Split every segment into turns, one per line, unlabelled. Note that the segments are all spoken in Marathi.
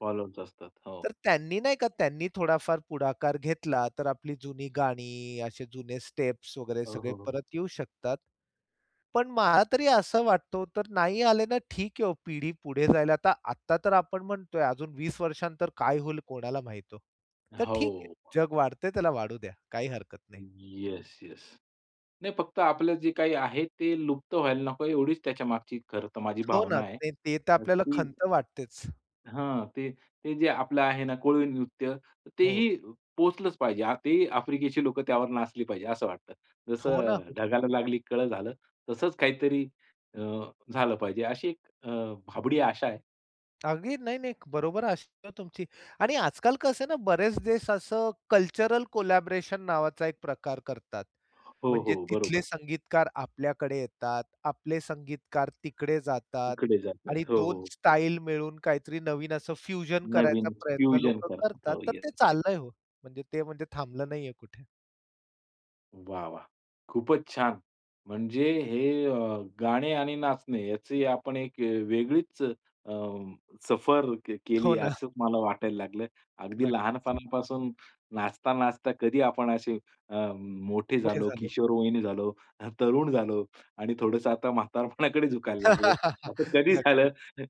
फॉलोवर्स असतात. हो.
तर त्यांनी नाही का, त्यांनी थोडाफार पुढाकार घेतला तर आपली जुनी गाणी, असे जुने स्टेप्स वगैरे
हो,
सगळे
हो, हो.
परत येऊ शकतात. पण मला तरी असं वाटतं तर नाही आले ना ठीक आहे हो. पिढी पुढे जायला. तर आत्ता तर आपण म्हणतोय अजून 20 वर्षानंतर काय होईल कोणाला माहित हो? तर ठीक आहे.
हो.
जग वाढतंय त्याला वाढू द्या. काही हरकत नाही.
Yes, yes. नाही फक्त आपलं जे काही आहे ते लुप्त व्हायला नको आहे एवढीच त्याच्यामागची खरं तर माझी
हो
भावना
ना.
आहे.
ते ते तर
अ,
आपल्याला
ती
खंत वाटतेच.
हां. ते, ते जे आपलं आहे ना, "कोळी नृत्य"
हो.
तेही अ, पोहोचलंच पाहिजे. ते आफ्रिकेची लोकं त्यावर नाचली पाहिजे असं वाटतं.
हो ना,
जसं
हो.
"ढगाला लागली कळं" झालं, तसंच काहीतरी अ, झालं पाहिजे अशी एक अ, भाबडी आशा आहे.
अगदी नाही, नाही. बरोबर असतो तुमची आणि आजकाल कसं आहे ना, बरेच देश असं कल्चरल कोलॅबोरेशन नावाचा एक प्रकार करतात.
हो,
म्हणजे
हो.
तिथले
बरोबर.
संगीतकार आपल्याकडे येतात. आपले संगीतकार तिकडे जातात
तिकडे जातात.
आणि
हो,
2
हो.
स्टाईल मिळून काहीतरी नवीन असं फ्युजन करायचा
नवीन
प्रयत्न
फ्युजन
लोक
करतात.
करतात.
हो.
तर
येस,
ते
येस.
चाललंय हो. म्हणजे ते म्हणजे थांबलं नाहीये कुठे.
वाह, वाह! खूपच छान. म्हणजे हे अ, गाणे आणि नाचणे याची आपण एक वेगळीच अ, सफर क केली
हो ना.
असं मला वाटायला लागलं. अगदी
नक्कीच.
लहानपणापासून नाचता, नाचता कधी आपण असे अ, मोठे
मोठे
झालो,
झालो.
किशोर वयीन झालो, हं, तरुण झालो आणि थोडंसं आता म्हातारपणाकडे झुकायला लागलोय. असं कधी
नक्कीच.
झालं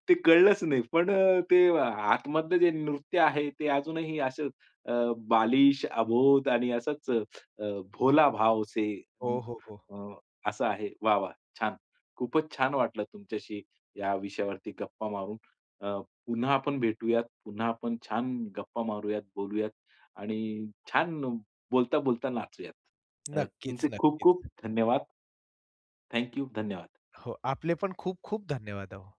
ते कळलंच नाही पण अ, ते, आतमधलं जे नृत्य आहे ते अजूनही असं अ, बालिश, अबोध आणि असच अ, अ, भोला भाव से
हो, हो, हो.
अ, अ, असं आहे. वाह! वाह! छान. खूपच छान वाटलं तुमच्याशी या विषयावरती गप्पा मारून. अ, पुन्हा आपण भेटूयात. पुन्हा आपण छान गप्पा मारूयात, बोलूयात आणि छान बोलता-बोलता नाचूयात. अ,
नक्कीच,
तुमचे खूप-खूप
नक्कीच.
धन्यवाद. Thank you. धन्यवाद.
हो, आपले पण खूप-खूप धन्यवाद अहो.